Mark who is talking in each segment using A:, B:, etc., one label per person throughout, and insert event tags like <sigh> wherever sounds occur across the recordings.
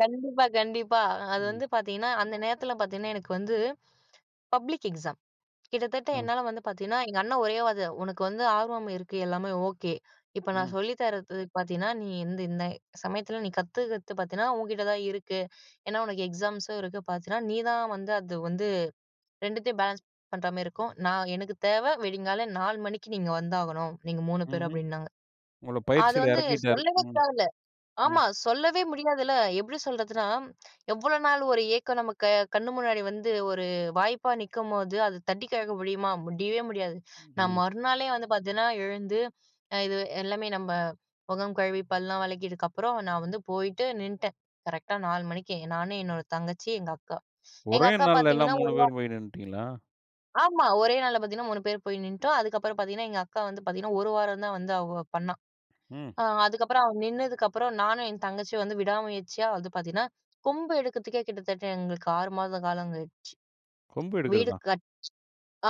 A: கண்டிப்பா. கண்டிப்பா. அ அது
B: ம்.
A: வந்து பார்த்தீங்கன்னா, அந்த நேரத்தில பார்த்தீங்கன்னா எனக்கு வந்து, பப்ளிக் எக்ஸாம். கிட்டத்தட்ட
B: ம்.
A: என்னால வந்து பார்த்தீங்கன்னா எங்க அண்ணன் ஒரே வார்த்த, உனக்கு வந்து ஆர்வம் இருக்கு எல்லாமே ஓகே. இப்ப நான்
B: ம்.
A: சொல்லித்தர்றது பார்த்தீன்னா, நீ வந்து இந்த சமயத்தில நீ கத்துக்கிறது பார்த்தீன்னா, உன்கிட்ட தான் இருக்கு. ஏனா, உனக்கு எக்ஸாம்ஸும் இருக்கு. பார்த்தீன்னா, நீ தான் வந்து அது வந்து 2த்தையும் பேலன்ஸ் பண்ற மாரி இருக்கும். நான் எனக்கு தேவ விடியற்காலை 4 மணிக்கு நீ இங்க வந்தாகணும், நீங்க 3 பேரும்
B: ம்ஹ்ம்.
A: அப்டின்னாங்க.
B: உங்கள
A: அது
B: பயிற்சியில
A: வந்து
B: இறக்கிட்டாரு.
A: சொல்லவே
B: ம்.
A: தேவயில்ல.
B: ம்.
A: ஆமா, சொல்லவே முடியாதுல. எப்டி சொல்றதுன்னா, எவ்வளோ நாள் ஒரு ஏக்கம் நமக்கு கண்ணு முன்னாடி வந்து ஒரு வாய்ப்பா நிக்கும்போது அது தட்டி கழிக்க முடியுமா? முடியவே முடியாது. நான்
B: ம்.
A: மறுநாளே வந்து பார்த்தேன்னா எழுந்து, ஆ இது எல்லாமே நம்ப முகம் கழுவி, பல்லலாம் வளக்கியதுக்கு அப்புறம் நான் வந்து போயிட்டு நின்னுட்டேன். கரெக்ட்டா 4 மணிக்கு நான், என்னோட தங்கச்சி, எங்க அக்கா. எங்க
B: ஒரே
A: அக்கா
B: நாள்ல எல்லாம்
A: பார்த்தீங்கன்னா
B: மூணு
A: 1 வாரம்
B: பேரும் போய் நின்னுட்டீங்களா?
A: ஆமா. ஒரே நாள்ல பார்த்தீங்கன்னா, 3 பேர் போய் நின்னுட்டோம். அதுக்கப்புறம் பார்த்தீங்கன்னா, எங்க அக்கா வந்து பார்த்தீங்கன்னா, 1 வாரம் தான் வந்து அவ பண்ணா.
B: ம்.
A: ஆ அதுக்கப்புறம் நின்னதுக்கு அப்புறம் நானும் என் தங்கச்சியும் வந்து விடா முயற்சியா வந்து பார்த்தீங்கன்னா, கொம்பு எடுக்கிறதுக்கே கிட்டத்தட்ட எங்களுக்கு 6 மாத காலம் ஆயிடுச்சு.
B: கொம்பு
A: வீடு
B: எடுக்கிறதா?
A: கட்டி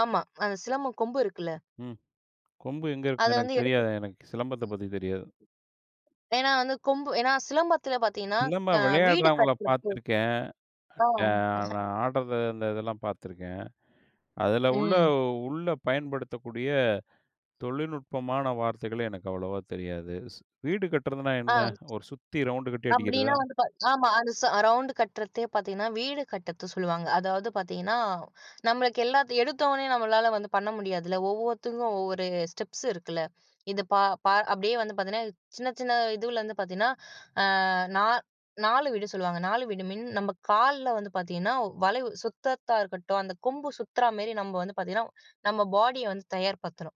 A: ஆமா அந்த சிலம்பம் கொம்பு இருக்குல்ல
B: ம். கொம்பு எங்க
A: அத
B: இருக்கு? எனக்கு
A: வந்து எடுத்து
B: தெரியாதே! எனக்கு சிலம்பத்த பத்தி தெரியாது.
A: ஏன்னா வந்து, கொம்பு ஏன்னா சிலம்பத்தில பார்த்தீங்கன்னா க
B: சிலம்பம்
A: வீடு
B: விளையாடுறவங்கள
A: கட்டுறது.
B: பார்த்துருக்கேன்.
A: ஆ.
B: யா
A: <chuckles>
B: நான் ஆடுறது அந்த இதெல்லாம் பார்த்துருக்கேன். அதில உள்ள
A: ம்.
B: உள்ள பயன்படுத்தக்கூடிய தொழில்நுட்பமான வார்த்தைகளே எனக்கு அவ்வளோவா தெரியாது. ஸ் வீடு கட்டுறதுனா
A: ஆ.
B: என்ன? ஒரு சுத்தி ரவுண்டு கட்டி
A: அப்டின்னா
B: அடிக்கிறதா?
A: வந்து பா ஆமா அந்த சா ரவுண்டு கட்டுறதே பார்த்தீங்கன்னா, வீடு கட்டுறது சொல்லுவாங்க. அதாவது பார்த்தீங்கன்னா, நம்மளுக்கு எல்லாத்தையும் எடுத்தோடனயே நம்மளால வந்து பண்ண முடியாதுல்ல. ஒவ்வொருத்தருக்கும் ஒவ்வொரு ஸ்டெப்ஸ் இருக்குல்ல. இது. பா பா அப்டியே வந்து பார்த்தீங்கன்னா சின்ன சின்ன இதுலேருந்து பார்த்தீங்கன்னா. ஆ. நா 4 வீடு சொல்லுவாங்க. 4 வீடு மீன், நம்ம கால்ல வந்து பார்த்தீங்கன்னா வளைவு சுத்துறதா இருக்கட்டும், அந்த கொம்பு சுத்துறா மேரி நம்ம வந்து பார்த்தீங்கன்னா நம்ம பாடிய வந்து தயார்படுத்தணும்.